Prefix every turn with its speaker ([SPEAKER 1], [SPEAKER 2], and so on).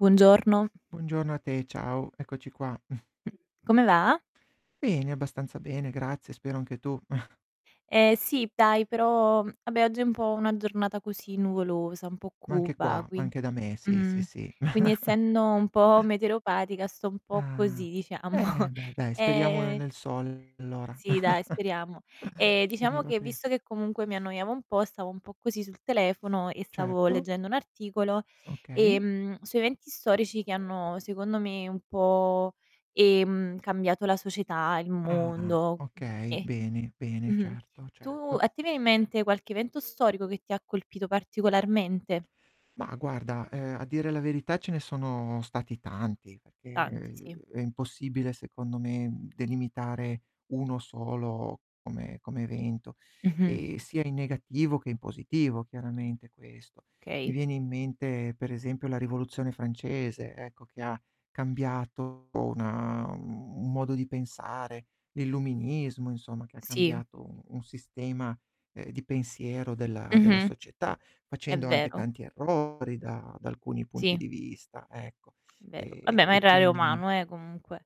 [SPEAKER 1] Buongiorno.
[SPEAKER 2] Buongiorno a te, ciao. Eccoci qua.
[SPEAKER 1] Come va?
[SPEAKER 2] Bene, abbastanza bene, grazie, spero anche tu.
[SPEAKER 1] Eh, sì dai, però vabbè, oggi è un po' una giornata così nuvolosa, un po'
[SPEAKER 2] Ma anche
[SPEAKER 1] cupa
[SPEAKER 2] qua,
[SPEAKER 1] quin
[SPEAKER 2] anche da me, sì,
[SPEAKER 1] mh,
[SPEAKER 2] sì, sì.
[SPEAKER 1] quindi essendo un po' meteoropatica sto un po'
[SPEAKER 2] Ah.
[SPEAKER 1] così diciamo.
[SPEAKER 2] E beh dai, speriamo ne
[SPEAKER 1] Ehm
[SPEAKER 2] nel sole allora.
[SPEAKER 1] sì, dai, speriamo. Ehm,
[SPEAKER 2] Che
[SPEAKER 1] diciamo
[SPEAKER 2] arriva
[SPEAKER 1] che visto
[SPEAKER 2] presto.
[SPEAKER 1] che comunque mi annoiavo un po' stavo un po' così sul telefono e stavo
[SPEAKER 2] Certo.
[SPEAKER 1] leggendo un articolo,
[SPEAKER 2] Okay.
[SPEAKER 1] ehm, su eventi storici che hanno secondo me un po', ehm, cambiato la società, il
[SPEAKER 2] Ah
[SPEAKER 1] mondo,
[SPEAKER 2] okay,
[SPEAKER 1] okay.
[SPEAKER 2] bene, bene
[SPEAKER 1] Mh-mh.
[SPEAKER 2] certo,
[SPEAKER 1] Tu
[SPEAKER 2] certo.
[SPEAKER 1] a te viene in mente qualche evento storico che ti ha colpito particolarmente?
[SPEAKER 2] Ma guarda, ehm, a dire la verità ce ne sono stati tanti,
[SPEAKER 1] Tanti,
[SPEAKER 2] perché,
[SPEAKER 1] sì.
[SPEAKER 2] uhm, è impossibile secondo me delimitare 1 solo come come evento;
[SPEAKER 1] Mh-mh.
[SPEAKER 2] ehm, sia in negativo che in positivo chiaramente, questo. Mi
[SPEAKER 1] Okay.
[SPEAKER 2] viene in mente per esempio la rivoluzione francese, ecco, che ha cambiato una un un modo di pensare, l'Illuminismo, insomma, che ha
[SPEAKER 1] Sì.
[SPEAKER 2] cambiato u un sistema, ehm, di pensiero della della
[SPEAKER 1] Mh-mh.
[SPEAKER 2] società,
[SPEAKER 1] È
[SPEAKER 2] facendo anche
[SPEAKER 1] vero.
[SPEAKER 2] tanti errori da da alcuni punti
[SPEAKER 1] Sì.
[SPEAKER 2] di vista, ecco. E
[SPEAKER 1] Vero. Vabbè,
[SPEAKER 2] e
[SPEAKER 1] ma
[SPEAKER 2] e
[SPEAKER 1] errare è
[SPEAKER 2] quindi...
[SPEAKER 1] umano, eh, comunque.